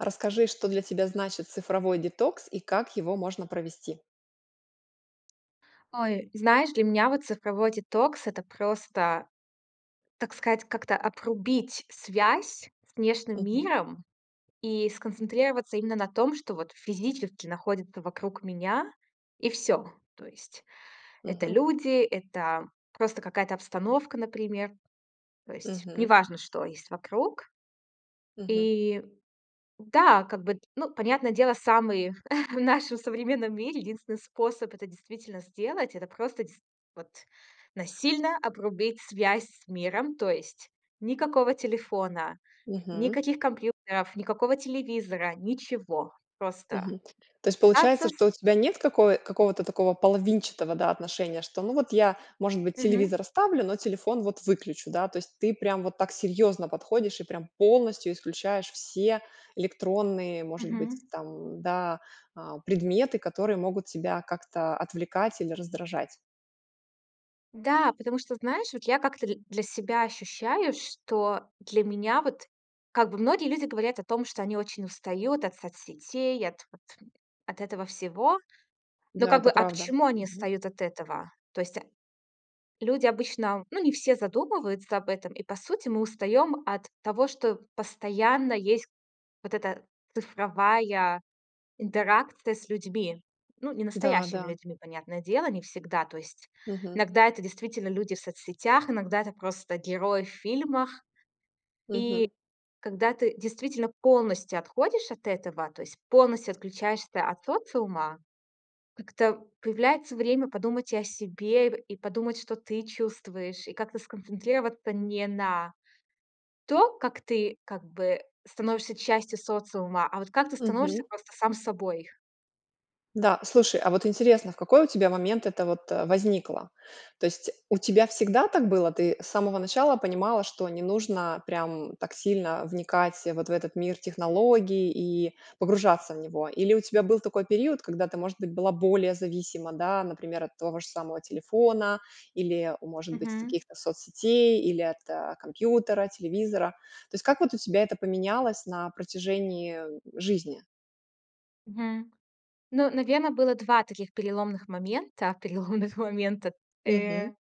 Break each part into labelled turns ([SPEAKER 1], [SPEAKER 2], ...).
[SPEAKER 1] Расскажи, что для тебя значит цифровой детокс и как его можно провести.
[SPEAKER 2] Ой, знаешь, для меня вот цифровой детокс- это просто, так сказать, как-то обрубить связь с внешним
[SPEAKER 1] Мгм.
[SPEAKER 2] миром и сконцентрироваться именно на том, что вот физически находится вокруг меня, и всё. То есть это
[SPEAKER 1] Мгм.
[SPEAKER 2] люди, это просто какая-то обстановка, например. То есть
[SPEAKER 1] Мгм.
[SPEAKER 2] неважно, что есть вокруг.
[SPEAKER 1] Мгм.
[SPEAKER 2] И да, как бы, ну, понятное дело, самый в нашем современном мире единственный способ это действительно сделать- это просто, действительно, вот, насильно обрубить связь с миром. То есть никакого телефона,
[SPEAKER 1] Мгм.
[SPEAKER 2] никаких компьютеров, никакого телевизора, ничего. Просто.
[SPEAKER 1] Мгм. То есть получается,
[SPEAKER 2] Процесс.
[SPEAKER 1] что у тебя нет какой какого-то такого половинчатого, да, отношения, что, ну вот, я, может быть,
[SPEAKER 2] Мгм.
[SPEAKER 1] телевизор оставлю, но телефон вот выключу, да. То есть ты прям вот так серьезно подходишь и прям полностью исключаешь все электронные, может быть,
[SPEAKER 2] Мгм.
[SPEAKER 1] там, м, да, а, предметы, которые могут тебя как-то отвлекать или раздражать.
[SPEAKER 2] Да, потому что знаешь, вот я как-то дл для себя ощущаю, что для меня вот, как бы многие люди говорят о том, что они очень устают от соцсетей, от вот от этого всего. Ну
[SPEAKER 1] Да,
[SPEAKER 2] как
[SPEAKER 1] это
[SPEAKER 2] бы, а
[SPEAKER 1] правда.
[SPEAKER 2] почему они
[SPEAKER 1] Мгм.
[SPEAKER 2] устают от этого? То есть люди обычно ну, не все задумываются об этом, и по сути мы устаём от того, что постоянно есть вот эта цифровая интеракция с людьми, ну, не
[SPEAKER 1] Да,
[SPEAKER 2] настоящими
[SPEAKER 1] да.
[SPEAKER 2] людьми, понятное дело, не всегда. То есть
[SPEAKER 1] Мгм.
[SPEAKER 2] иногда это действительно люди в соцсетях, иногда это просто герои в фильмах. И,
[SPEAKER 1] Мгм.
[SPEAKER 2] когда ты действительно полностью отходишь от этого, то есть полностью отключаешься от социума, как-то появляется время подумать и о себе, и подумать, что ты чувствуешь, и как-то сконцентрироваться не на том, как ты, как бы, становишься частью социума, а вот как ты становишься
[SPEAKER 1] Мгм.
[SPEAKER 2] просто сам собой.
[SPEAKER 1] Да, слушай, а вот интересно, в какой у тебя момент это вот, э, возникло? То есть, у тебя всегда так было? Ты с самого начала понимала, что не нужно прям так сильно вникать вот в этот мир технологий и погружаться в него? Или у тебя был такой период, когда ты, может быть, была более зависима, да, например, от того же самого телефона или, может быть, от
[SPEAKER 2] Мгм.
[SPEAKER 1] каких-то соцсетей, или от компьютера, телевизора. То есть, вот как у тебя это поменялось на протяжении, э, жизни?
[SPEAKER 2] Мгм. Ну, наверно, было 2 таких переломных момента, переломных момента,
[SPEAKER 1] Мгм.
[SPEAKER 2] э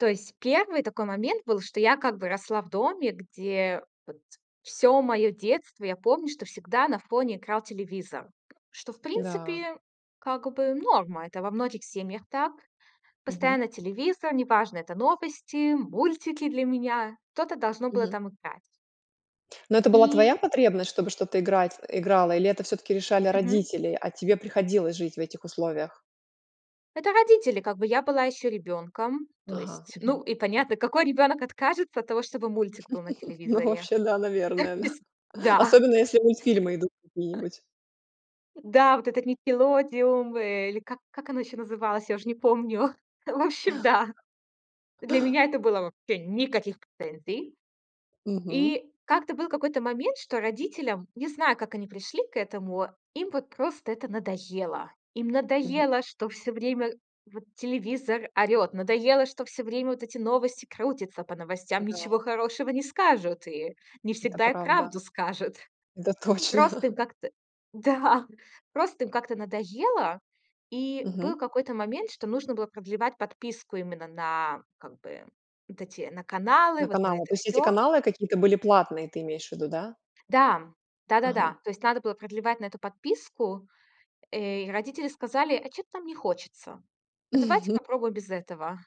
[SPEAKER 2] То есть 1 такой момент был, что я как бы росла в доме, где, вот, всё мое детство я помню, что всегда на фоне играл телевизор. Что, в
[SPEAKER 1] Да.
[SPEAKER 2] принципе, как бы норма. Это во многих семьях так.
[SPEAKER 1] Мгм.
[SPEAKER 2] Постоянно телевизор, неважно, это новости, мультики для меня. Что-то должно было
[SPEAKER 1] Мгм.
[SPEAKER 2] там играть.
[SPEAKER 1] Но это была
[SPEAKER 2] И
[SPEAKER 1] твоя потребность, чтобы что-то играть играло, или это всё-таки решали
[SPEAKER 2] Мгм.
[SPEAKER 1] родители, а тебе приходилось жить в этих условиях?
[SPEAKER 2] Это родители! Как бы я была ещё ребёнком, то
[SPEAKER 1] Ага,
[SPEAKER 2] есть,
[SPEAKER 1] мгм.
[SPEAKER 2] ну, и понятно, какой ребёнок откажется от того, чтобы мультик был на
[SPEAKER 1] Ну,
[SPEAKER 2] телевизоре?
[SPEAKER 1] вообще, да,
[SPEAKER 2] То
[SPEAKER 1] наверное, да,
[SPEAKER 2] есть, да.
[SPEAKER 1] особенно, если мультфильмы идут какие-нибудь.
[SPEAKER 2] Да! Вот этот "Никелодеон" или как как оно еще называлось? Я уже не помню! В общем, да! Для меня это было вообще никаких претензий!
[SPEAKER 1] Мгм.
[SPEAKER 2] И как-то был какой-то момент, что родителям, не знаю, как они пришли к этому, им вот просто это надоело. Им
[SPEAKER 1] Мгм.
[SPEAKER 2] надоело, что всё время вот телевизор орёт, надоело, что всё время вот эти новости крутятся по новостям,
[SPEAKER 1] Да.
[SPEAKER 2] ничего хорошего не скажут и не
[SPEAKER 1] Это
[SPEAKER 2] всегда и правду
[SPEAKER 1] правда.
[SPEAKER 2] скажут.
[SPEAKER 1] Это точно.
[SPEAKER 2] Просто им как-то да, просто им как-то надоело. И был
[SPEAKER 1] Мгм.
[SPEAKER 2] какой-то момент, что нужно было продлевать подписку именно на как бы вот эти на каналы,
[SPEAKER 1] На
[SPEAKER 2] вот на
[SPEAKER 1] каналах,
[SPEAKER 2] это
[SPEAKER 1] то есть если
[SPEAKER 2] всё.
[SPEAKER 1] каналы какие-то были платные, ты имеешь в виду, да?
[SPEAKER 2] Да.
[SPEAKER 1] Ага.
[SPEAKER 2] Да-да-да, то есть надо было продлевать на эту подписку, э, и родители сказали: "А чё-то нам не хочется. А давайте попробуем без этого".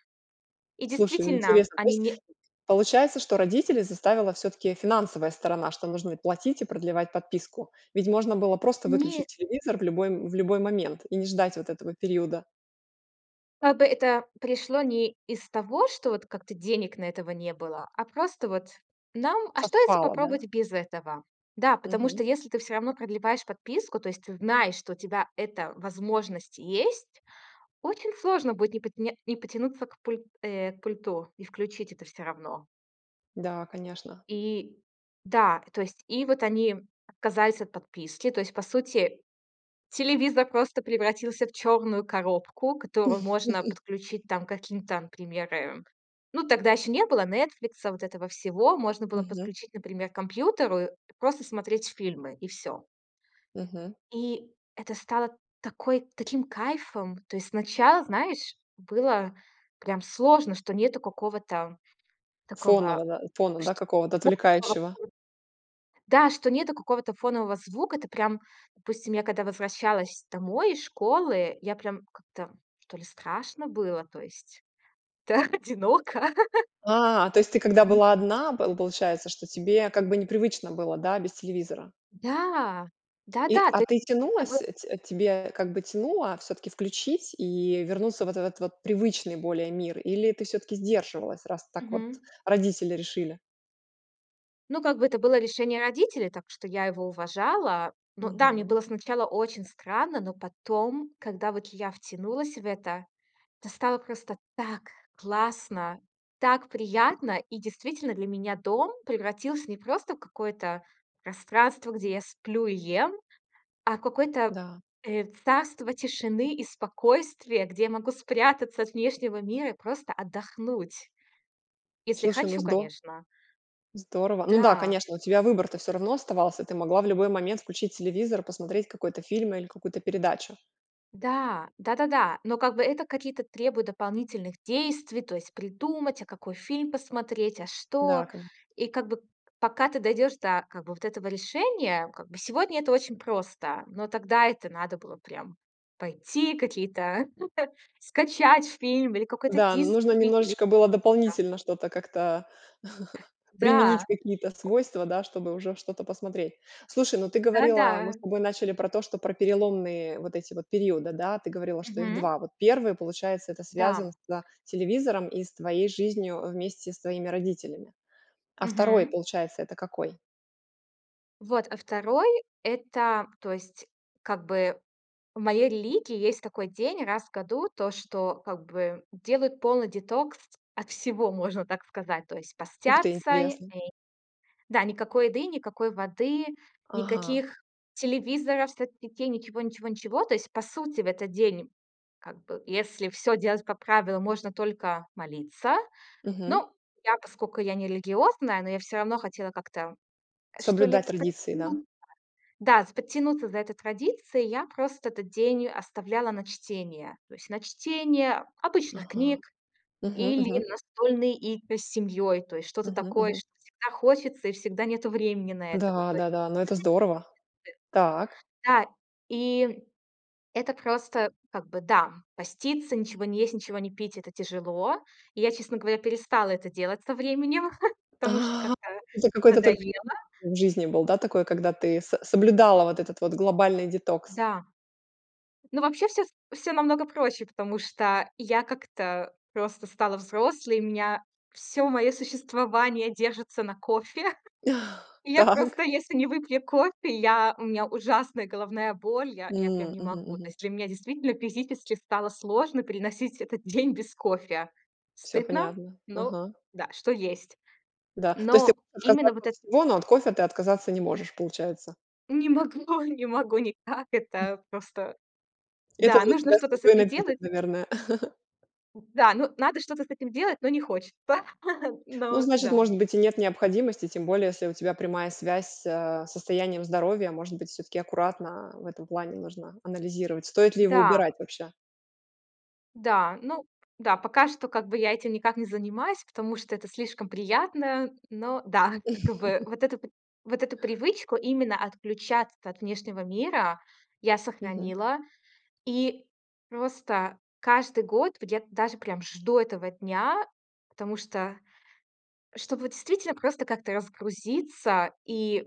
[SPEAKER 2] И
[SPEAKER 1] Слушай, ну
[SPEAKER 2] действительно
[SPEAKER 1] интересно, то
[SPEAKER 2] они
[SPEAKER 1] есть,
[SPEAKER 2] не
[SPEAKER 1] получается, что родителей заставила все-таки финансовая сторона, что нужно и платить, и продлевать подписку. Ведь можно было просто выключить
[SPEAKER 2] Не.
[SPEAKER 1] телевизор в любой в любой момент и не ждать вот этого периода.
[SPEAKER 2] Как бы это пришло не из того, что вот как-то денег на это не было, а просто вот нам: "А что, если
[SPEAKER 1] Совпало, да?
[SPEAKER 2] попробовать без этого?" Да, потому
[SPEAKER 1] Мгм.
[SPEAKER 2] что если ты всё равно продлеваешь подписку, то есть ты знаешь, что у тебя эта возможность есть, очень сложно будет не пот не не потянуться к пуль э, к пульту и включить это все равно.
[SPEAKER 1] Да, конечно.
[SPEAKER 2] И да, то есть и вот они отказались от подписки, то есть по сути телевизор просто превратился в черную коробку, которую можно подключить там каким там пример. Ну, тогда еще не было "Нетфликса", вот этого всего. Можно было
[SPEAKER 1] Мгм.
[SPEAKER 2] подключить, например, к компьютеру и просто смотреть фильмы и всё.
[SPEAKER 1] Мгм.
[SPEAKER 2] И это стало такой таким кайфом. То есть сначала, знаешь, было прям сложно, что нету какого-то
[SPEAKER 1] Фоново
[SPEAKER 2] такого,
[SPEAKER 1] да, фона,
[SPEAKER 2] ш
[SPEAKER 1] да, какого-то отвлекающего.
[SPEAKER 2] [unintelligible] да, что нету какого-то фонового звука. Это прям Допустим, я когда возвращалась домой из школы, я прям как-то, что ли, страшно было, то есть, да, одиноко.
[SPEAKER 1] А, то есть, ты когда была одна, п получается, что тебе как бы непривычно было, да, без телевизора.
[SPEAKER 2] Да,
[SPEAKER 1] И.
[SPEAKER 2] да-да,
[SPEAKER 1] А
[SPEAKER 2] то есть
[SPEAKER 1] ты
[SPEAKER 2] действительно
[SPEAKER 1] тянулась,
[SPEAKER 2] было
[SPEAKER 1] т тебе как бы тянуло всё-таки включить и вернуться вот в этот вот привычный более мир? Или ты всё-таки сдерживалась, раз так вот
[SPEAKER 2] Мгм.
[SPEAKER 1] родители решили?
[SPEAKER 2] Ну, как бы это было решение родителей, так что я его уважала. Но да, мне
[SPEAKER 1] Мгм.
[SPEAKER 2] было сначала очень странно, но потом, когда вот я втянулась в это, то стало просто так классно, так приятно! И действительно, для меня дом превратился не просто в какое-то пространство, где я сплю и ем, а в какое-то,
[SPEAKER 1] Да.
[SPEAKER 2] э, царство тишины и спокойствия, где я могу спрятаться от внешнего мира и просто отдохнуть, если
[SPEAKER 1] Слушай, ну
[SPEAKER 2] хочу,
[SPEAKER 1] здо
[SPEAKER 2] конечно.
[SPEAKER 1] здорово! Ну да,
[SPEAKER 2] Да.
[SPEAKER 1] конечно, у тебя выбор-то всё равно оставался. Ты могла в любой момент включить телевизор, посмотреть какой-то фильм или какую-то передачу.
[SPEAKER 2] Да, да-да-да. Но как бы это какие-то требуют дополнительных действий, то есть придумать, а какой фильм посмотреть, а
[SPEAKER 1] Да,
[SPEAKER 2] что.
[SPEAKER 1] конеч
[SPEAKER 2] И как бы к п пока ты дойдёшь до как бы вот этого решения, вот как бы сегодня это очень просто. Но тогда это надо было прям пойти какие-то скачать фильм или какой-то
[SPEAKER 1] Да,
[SPEAKER 2] диск
[SPEAKER 1] нужно
[SPEAKER 2] купить или
[SPEAKER 1] немножечко было
[SPEAKER 2] что-то.
[SPEAKER 1] дополнительно что-то как-то применить,
[SPEAKER 2] Да.
[SPEAKER 1] какие-то свойства, да, чтобы уже что-то посмотреть. Слушай, ну ты говорила, мы с
[SPEAKER 2] Да-да.
[SPEAKER 1] тобой начали про то, что про переломные вот эти вот периоды, да, говорила, что их
[SPEAKER 2] Мгм.
[SPEAKER 1] 2. Вот 1, получается, это
[SPEAKER 2] Да.
[SPEAKER 1] связано со телевизором и с твоей жизнью, а, вместе с твоими родителями. А 2,
[SPEAKER 2] Мгм.
[SPEAKER 1] получается, это какой?
[SPEAKER 2] Вот, а 2- это, то есть как бы в моей религии есть такой день раз в году, то, что как бы делают полный детокс от всего, можно так сказать. То есть
[SPEAKER 1] Ух ты,
[SPEAKER 2] постятся. И
[SPEAKER 1] интересно.
[SPEAKER 2] и, да, никакой еды, никакой воды,
[SPEAKER 1] Ага.
[SPEAKER 2] никаких телевизоров, соцсетей, ничего-ничего-ничего. То есть по сути в этот день, как бы если всё делать по правилам, можно только молиться.
[SPEAKER 1] Мгм.
[SPEAKER 2] Ну, я, поскоку, я не религиозная, но я всё равно хотела как-то, что ли,
[SPEAKER 1] Соблюдать традиции, да?
[SPEAKER 2] подтянуться, да, с подтянуться за этой традицией, я просто этот день оставляла на чтение, то есть на чтение обычных
[SPEAKER 1] Ага.
[SPEAKER 2] книг
[SPEAKER 1] Мгм,
[SPEAKER 2] или
[SPEAKER 1] мгм.
[SPEAKER 2] настольные игры с семьей, то есть что-то
[SPEAKER 1] Мгм,
[SPEAKER 2] такое,
[SPEAKER 1] мгм.
[SPEAKER 2] что всегда хочется и всегда нету времени на это. Вот, то есть.
[SPEAKER 1] Да-да-да, ну, это здорово! Так.
[SPEAKER 2] Это такие традиции. Да, и это просто как бы, да, поститься, ничего не есть, ничего не пить- это тяжело. И, я, честно говоря, перестала это делать со временем, потому что
[SPEAKER 1] А, [unintelligible]
[SPEAKER 2] как-то
[SPEAKER 1] это какой-то только
[SPEAKER 2] надоело.
[SPEAKER 1] период в жизни был, да, такой, когда ты с соблюдала вот этот вот глобальный детокс?
[SPEAKER 2] Да. Ну, вообще всё с всё намного проще, потому что я как-то просто стала взрослой, у меня всё моё существование держится на кофе. И я
[SPEAKER 1] Так.
[SPEAKER 2] просто, если не выпью кофе, я у меня ужасная головная боль, я я прям
[SPEAKER 1] М,
[SPEAKER 2] не могу. То
[SPEAKER 1] мгм-мгм.
[SPEAKER 2] есть для меня действительно физически стало сложно переносить этот день без кофе.
[SPEAKER 1] Всё
[SPEAKER 2] Стыдно,
[SPEAKER 1] понятно.
[SPEAKER 2] но
[SPEAKER 1] Ага.
[SPEAKER 2] да, что есть.
[SPEAKER 1] Да, то есть ты
[SPEAKER 2] Но
[SPEAKER 1] можешь
[SPEAKER 2] именно
[SPEAKER 1] отказаться
[SPEAKER 2] вот
[SPEAKER 1] от
[SPEAKER 2] это
[SPEAKER 1] всего, но от кофе ты отказаться не можешь, получается.
[SPEAKER 2] Не могу не могу никак это просто.
[SPEAKER 1] Это
[SPEAKER 2] Да,
[SPEAKER 1] для
[SPEAKER 2] нужно
[SPEAKER 1] тебя с
[SPEAKER 2] что-то
[SPEAKER 1] не
[SPEAKER 2] с
[SPEAKER 1] той
[SPEAKER 2] этим
[SPEAKER 1] ноги, так,
[SPEAKER 2] делать.
[SPEAKER 1] наверное.
[SPEAKER 2] Да, ну, надо что-то с этим делать, но не хочется.
[SPEAKER 1] Ну,
[SPEAKER 2] Ну
[SPEAKER 1] значит,
[SPEAKER 2] да.
[SPEAKER 1] может быть и нет необходимости, тем более, если у тебя прямая связь с, э, состоянием здоровья. Может быть, всё-таки аккуратно в этом плане нужно анализировать? Стоит ли его
[SPEAKER 2] Да.
[SPEAKER 1] убирать вообще?
[SPEAKER 2] Да, ну да. Пока что, как бы, я этим никак не занимаюсь, потому что это слишком приятно. Но да. Как бы вот эту вот эту привычку именно отключаться от внешнего мира я
[SPEAKER 1] Мгм.
[SPEAKER 2] сохранила. И просто каждый год, где-то даже прям жду этого дня, потому что, чтобы действительно просто как-то разгрузиться и,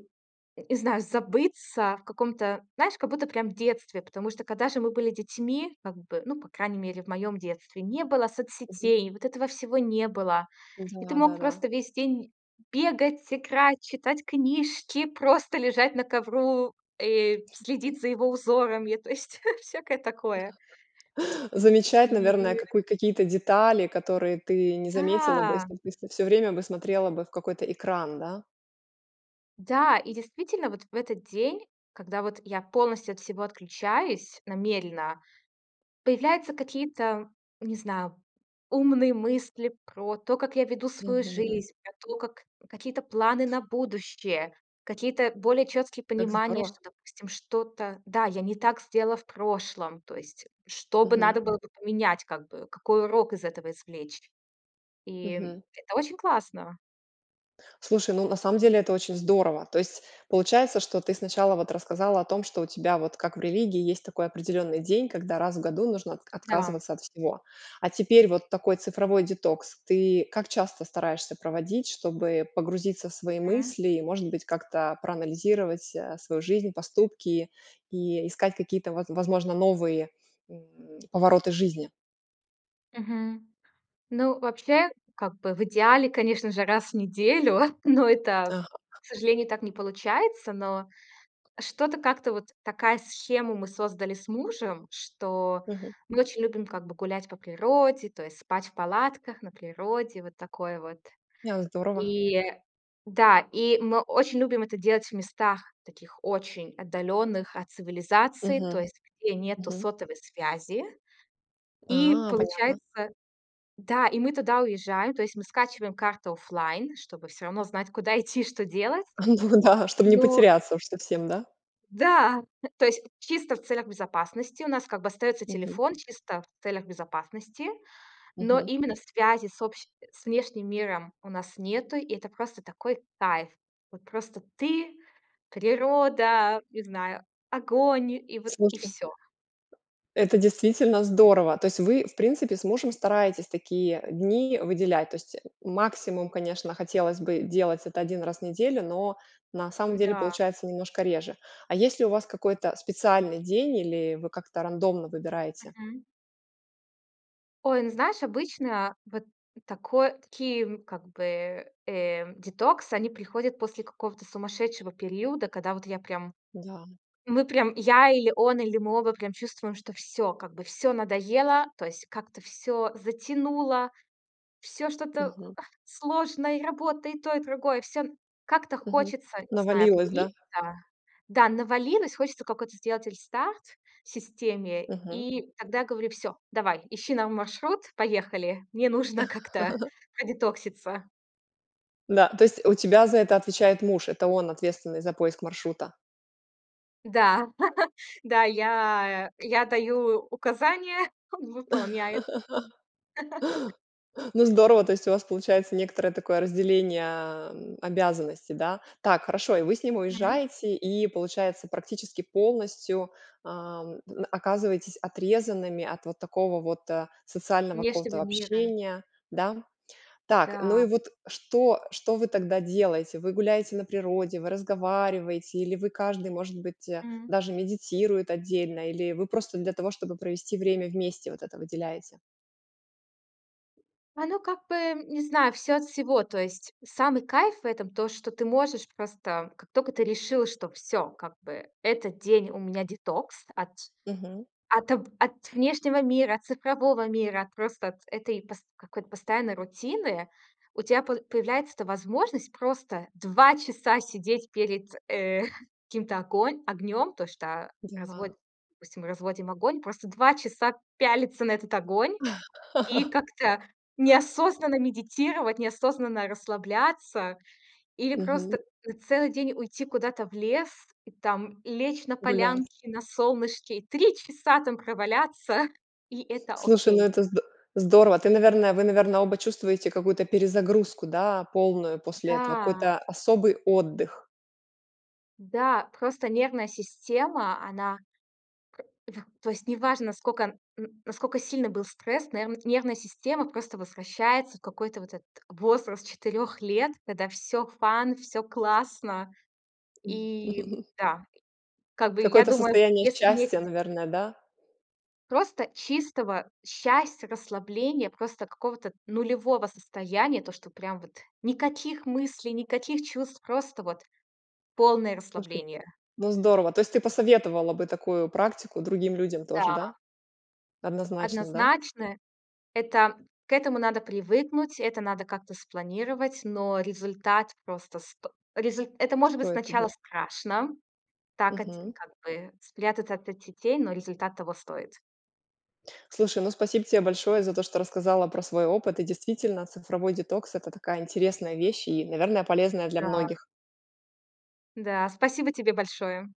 [SPEAKER 2] не знаю, забыться в каком-то, знаешь, как будто прям в детстве. Потому что, когда же мы были детьми, как бы, ну, по крайней мере, в моём детстве, не было
[SPEAKER 1] Мгм.
[SPEAKER 2] соцсетей, вот этого всего не было. И ты мог
[SPEAKER 1] Да-да-да.
[SPEAKER 2] просто весь день бегать, играть, читать книжки, просто лежать на ковру и следить за его узорами. То есть всякое такое.
[SPEAKER 1] Замечать,
[SPEAKER 2] И.
[SPEAKER 1] наверное, какую-то какие-то детали, которые ты не заметила бы,
[SPEAKER 2] Да!
[SPEAKER 1] если ты вс всё время бы смотрела бы в какой-то экран, да?
[SPEAKER 2] Да, и действительно, вот в этот день, когда вот я полностью от всего отключаюсь намеренно, появляются какие-то, не знаю, умные мысли про то, как я веду свою
[SPEAKER 1] Мгм.
[SPEAKER 2] жизнь, про то, как какие-то планы на будущее, какие-то более четкие
[SPEAKER 1] Как
[SPEAKER 2] понимания,
[SPEAKER 1] здорово!
[SPEAKER 2] что, допустим, что-то да, я не так сделала в прошлом, то есть что бы
[SPEAKER 1] Мгм.
[SPEAKER 2] надо было бы поменять, как бы какой урок из этого извлечь, и
[SPEAKER 1] Мгм.
[SPEAKER 2] это очень классно.
[SPEAKER 1] Слушай, ну на самом деле это очень здорово! То есть получается, что ты сначала вот рассказала о том, что у тебя вот как в религии есть такой определенный день, когда раз в 1 нужно отка
[SPEAKER 2] Да.
[SPEAKER 1] отказываться от всего. А теперь вот такой цифровой детокс. Ты как часто стараешься проводить, чтобы погрузиться в свои
[SPEAKER 2] Мгм.
[SPEAKER 1] мысли и, может быть, как-то проанализировать, а, свою жизнь, поступки и искать какие-то, воз возможно, новые н повороты жизни?
[SPEAKER 2] Мгм. Ну, вообще как бы в идеале, конечно же, раз в неделю. Но это,
[SPEAKER 1] Ага.
[SPEAKER 2] к сожалению, так не получается. Но что-то как-то вот такую схему мы создали с мужем, что
[SPEAKER 1] Мгм.
[SPEAKER 2] мы очень любим, как бы, гулять по природе, то есть спать в палатках на природе, вот такое вот.
[SPEAKER 1] Ня, здорово.
[SPEAKER 2] И да, и мы очень любим это делать в местах таких очень отдаленных от цивилизации, то
[SPEAKER 1] Мгм,
[SPEAKER 2] есть где нету
[SPEAKER 1] мгм.
[SPEAKER 2] сотовой связи. И
[SPEAKER 1] А, понятно.
[SPEAKER 2] получается да, и мы туда уезжаем, то есть мы скачиваем карту офлайн, чтобы всё равно знать, куда идти и что делать.
[SPEAKER 1] Ну да, чтобы не
[SPEAKER 2] Но
[SPEAKER 1] потеряться уж совсем, да?
[SPEAKER 2] Да, то есть чисто в целях безопасности. У нас, как бы, остается
[SPEAKER 1] Мгм.
[SPEAKER 2] телефон, чисто в целях безопасности, но
[SPEAKER 1] Мгм.
[SPEAKER 2] именно связи с общи с внешним миром у нас нету, и это просто такой кайф. Вот просто ты, природа, не знаю, огонь, и вот и
[SPEAKER 1] Слушай.
[SPEAKER 2] всё.
[SPEAKER 1] Это действительно здорово. То есть вы, в принципе, с мужем стараетесь такие дни выделять. То есть, э, максимум, конечно, хотелось бы делать это 1 раз в неделю, но на самом деле
[SPEAKER 2] Да.
[SPEAKER 1] получается немножко реже. А есть ли у вас какой-то специальный день, или вы как-то рандомно выбираете?
[SPEAKER 2] Мгм. Ой, ну, знаешь, обычно вот такой такие, как бы, э, детокс, они приходят после какого-то сумасшедшего периода, когда вот я прям,
[SPEAKER 1] Да.
[SPEAKER 2] мы прям, я, или он, или мы оба прям чувствуем, что всё, как бы, всё надоело, то есть как-то всё затянуло, всё что-то
[SPEAKER 1] Мгм.
[SPEAKER 2] сложное: и работа, и то, и другое. Всё как-то
[SPEAKER 1] Мгм.
[SPEAKER 2] хочется, не знаю,
[SPEAKER 1] Навалилось, да?
[SPEAKER 2] обнулиться, да, навалилось, хочется какой-то сделать рестарт системе,
[SPEAKER 1] Мгм.
[SPEAKER 2] и тогда я говорю: "Всё, давай ищи нам маршрут, поехали". И добавляю: "Мне нужно как-то продетокситься".
[SPEAKER 1] Да. То есть у тебя за это отвечает муж, это он, ответственный за поиск маршрута?
[SPEAKER 2] Да, да, я я даю указания, он выполняет.
[SPEAKER 1] Ну, здорово, то есть у вас получается некоторое такое разделение, ам, обязанностей, да? Так, хорошо, и вы с ним
[SPEAKER 2] Мгм.
[SPEAKER 1] уезжаете, и получается, практически полностью, ам, н оказываетесь отрезанными от вот такого вот, а, социального
[SPEAKER 2] Если
[SPEAKER 1] какого-то
[SPEAKER 2] бы мира
[SPEAKER 1] общения, да? Так, ну
[SPEAKER 2] Да.
[SPEAKER 1] и вот что что вы тогда делаете? Вы гуляете на природе, вы разговариваете или вы, каждый, может быть, а,
[SPEAKER 2] М.
[SPEAKER 1] даже медитирует отдельно, или вы просто для того, чтобы провести время вместе, вот это выделяете?
[SPEAKER 2] Оно как бы, м, не знаю, всё от всего, то есть самый кайф в этом то, что ты можешь просто, как только ты решила, что всё, как бы этот день у меня детокс от
[SPEAKER 1] Мгм.
[SPEAKER 2] от от, э, внешнего мира, от цифрового мира, от просто этой какой-то пост постоянной рутины, у тебя по появляется эта возможность просто 2 часа сидеть перед, э, каким-то огон огнём, то что разво
[SPEAKER 1] Да.
[SPEAKER 2] допустим, разводим огонь, просто 2 часа пялиться на этот огонь и как-то неосознанно медитировать, неосознанно расслабляться или
[SPEAKER 1] Мгм.
[SPEAKER 2] просто на целый день уйти куда-то в лес и там лечь на
[SPEAKER 1] Гулять.
[SPEAKER 2] полянке, на солнышке, и 3 часа там проваляться, и это
[SPEAKER 1] Слушай, ну
[SPEAKER 2] окей.
[SPEAKER 1] это зд здорово! Ты, наверное вы, наверное, оба чувствуете какую-то перезагрузку, да, полную после этого,
[SPEAKER 2] Да.
[SPEAKER 1] какой-то особый отдых?
[SPEAKER 2] Да просто нервная система, она к да то есть неважно, сколько н насколько сильный был стресс, но эрн нервная система просто возвращается в какой-то вот этот возраст 4 лет, когда всё fun, всё классно. И да, как бы я
[SPEAKER 1] Какое-то
[SPEAKER 2] думаю,
[SPEAKER 1] состояние
[SPEAKER 2] если бы не
[SPEAKER 1] счастья,
[SPEAKER 2] эти деток
[SPEAKER 1] наверное, да?
[SPEAKER 2] Просто чистого счастья, расслабления, просто какого-то нулевого состояния, то, что прям вот никаких мыслей, никаких чувств, просто вот полное
[SPEAKER 1] [unintelligible]
[SPEAKER 2] расслабление.
[SPEAKER 1] Ну, здорово, то есть ты посоветовала бы такую практику другим людям тоже, да?
[SPEAKER 2] Да.
[SPEAKER 1] Однозначно, да?
[SPEAKER 2] Однозначно, это к этому надо привыкнуть, это надо как-то спланировать, но результат просто сто резуль Это может
[SPEAKER 1] Кто
[SPEAKER 2] быть
[SPEAKER 1] это
[SPEAKER 2] сначала
[SPEAKER 1] был?
[SPEAKER 2] страшно, так одь
[SPEAKER 1] Мгм.
[SPEAKER 2] как бы спрятаться от соцсетей, но результат того стоит.
[SPEAKER 1] Слушай, ну, спасибо тебе большое за то, что рассказала про свой опыт. И действительно, цифровой детокс- это такая интересная вещь и, наверно, полезная для
[SPEAKER 2] Да.
[SPEAKER 1] многих.
[SPEAKER 2] Да, спасибо тебе большое!